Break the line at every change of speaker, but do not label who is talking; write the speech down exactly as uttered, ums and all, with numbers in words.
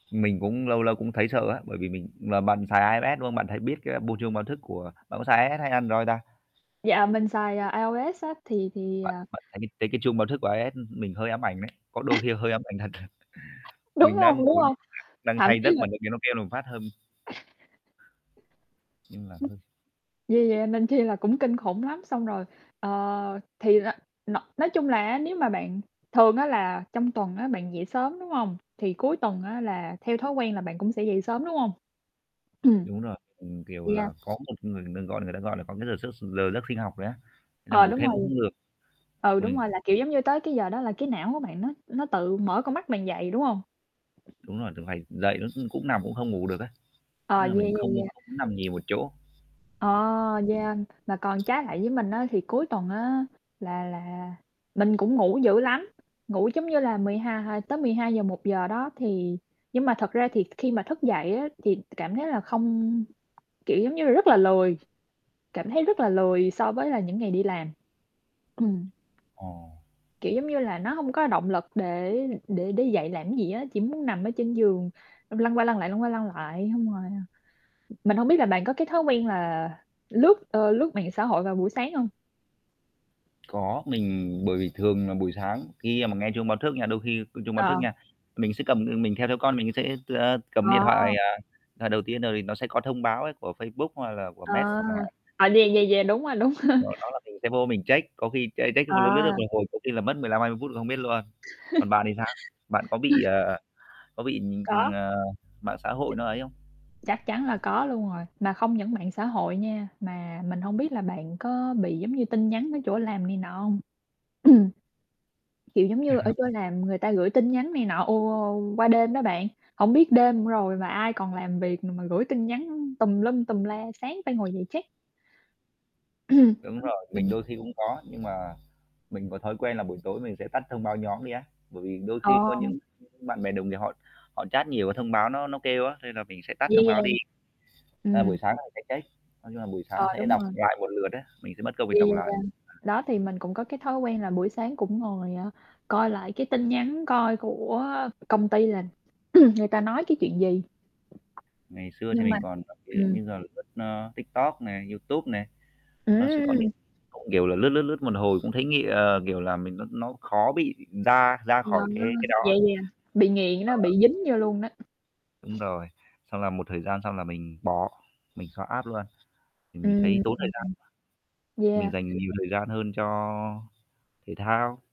Mình cũng lâu lâu cũng thấy sợ á, bởi vì mình là bạn xài IOS, đúng không? Bạn thấy biết cái bộ chuông báo thức của bạn có xài IOS hay Android ta?
Dạ, mình xài IOS á thì thì,
Bạn
à
bạn thấy mình thấy cái chuông báo thức của IOS mình hơi ám ảnh đấy, có đôi khi hơi ám ảnh thật.
Đúng
Mình đang
hông,
ngủ,
đúng hông?
đang
Thậm
say
chí
giấc
là
mà tự nhiên nó kêu một phát hâm Nhưng là
[unintelligible]
hơi
Vì vậy nên chi là cũng kinh khủng lắm, xong rồi, ờ, thì r n nói chung là á, nếu mà bạn thường á, là trong tuần á, bạn dậy sớm, đúng hông? Thì cuối tuần á, là theo thói quen là bạn cũng sẽ dậy sớm, đúng hông? Ừm.
Đúng rồi. Ừm, kiểu
Yeah.
là, có một người ta gọi người ta gọi là có cái giờ s giờ giấc sinh học đấy á, là
Ờ,
ngủ
đúng
thêm cũng không
rồi.
được.
Ừ, đúng
Ừm.
rồi, là, kiểu, giống như, tới cái giờ đó là cái não của bạn nó nó tự mở con mắt bạn dậy, đúng hông?
Đúng rồi, [unintelligible] dậy nó cũng cũng nằm, cũng không ngủ được ấy,
Ờ,
tức là
yeah,
mình
yeah,
không
yeah.
không có nằm nhiều một chỗ.
Ờ, yeah, mà còn trái lại với mình á, thì cuối tuần á, là là mình cũng ngủ dữ lắm, ngủ giống như là mười hai hai tới mười hai giờ một giờ đó, thì nhưng mà thật ra thì khi mà thức dậy á, thì cảm thấy là không kiểu, giống như là rất là lười, cảm thấy rất là lười so với là những ngày đi làm. Ừm.
Ồ.
Kiểu, giống như là, nó hông có động lực để để đứng dậy làm cái gì á, chỉ muốn nằm ở trên giường xong lăn qua lăn lại, lăn qua lăn lại, xong rồi, ờ mình hông biết là bạn có cái thói quen là lướt, ơ, lướt mạng xã hội vào buổi sáng hông?
Có, mình bởi vì thường là buổi sáng khi mà nghe chuông báo thức nha, đôi khi chuông báo
Ờ,
thức
ờ.
nha, mình sẽ cầm, ừm, mình theo theo con mình sẽ, a, cầm
Ờ.
điện thoại, à, à, đầu tiên, rồi thì nó sẽ có thông báo ấy của Facebook, hoặc là của
Ờ.
mét chẳng hạn.
À, vậy vậy vậy là đúng rồi, đúng rồi.
Rồi đó là mình sẽ vô mình check, có khi ch check xong l lướt, lướt
À.
một hồi có khi là mất mười lăm hai mươi phút không biết luôn. Còn bạn thì sao? Bạn có bị,
[unintelligible]
ờ, có bị,
Có.
ờ, mạng xã hội nó ấy không?
Chắc chắn là có luôn rồi, mà không những mạng xã hội nha, mà mình hông biết là bạn có bị, giống như, tin nhắn ở chỗ làm này nọ hông? Kiểu, giống như ở chơi làm người ta gửi tin nhắn này nọ, ồ, qua đêm đó bạn, hổng biết đêm rồi mà ai còn làm việc mà gửi tin nhắn tùm lum, tùm la, sáng phải ngồi dậy check.
Đúng rồi, mình
Ừm.
đôi khi cũng có, nhưng mà mình có thói quen là buổi tối mình sẽ tắt thông báo nhóm đi á. Bởi vì đôi
Ờ.
khi có những bạn bè đồng nghiệp họ họ chat nhiều cái thông báo nó nó kêu á, nên là mình sẽ tắt
Yeah,
thông báo đi.
yeah.
A, buổi
Ừm.
sáng thì sẽ check nói chung là buổi sáng
Ờ,
sẽ
đúng
đọc
rồi.
lại một lượt á, mình sẽ mất công mình
Yeah,
đọc lại
yeah.
[unintelligible]
Đó, thì mình cũng có cái thói quen là buổi sáng cũng ngồi, ờ, coi lại cái tin nhắn coi của công ty là người ta nói cái chuyện gì.
Ngày xưa thì
Nhưng mà
mình còn ví dụ
ừm.
như giờ lướt, a, TikTok nè, YouTube nè, nó sẽ có những
Ừm!
không hiểu là lướt, lướt, lướt một hồi cũng thấy nghị ờ, kiểu là, mình nó nó khó bị ra ra khỏi cái cái
[unintelligible]
đó.
Vậy là bị nghiện đó,
Ờ.
bị dính vô luôn đó.
Đúng rồi. Xong là một thời gian xong là mình bỏ, mình xóa app luôn, thì
Ừm,
mình
ừm,
thấy tốn thời gian.
ừm.
Mình dành
Yeah.
nhiều thời gian hơn cho thể thao.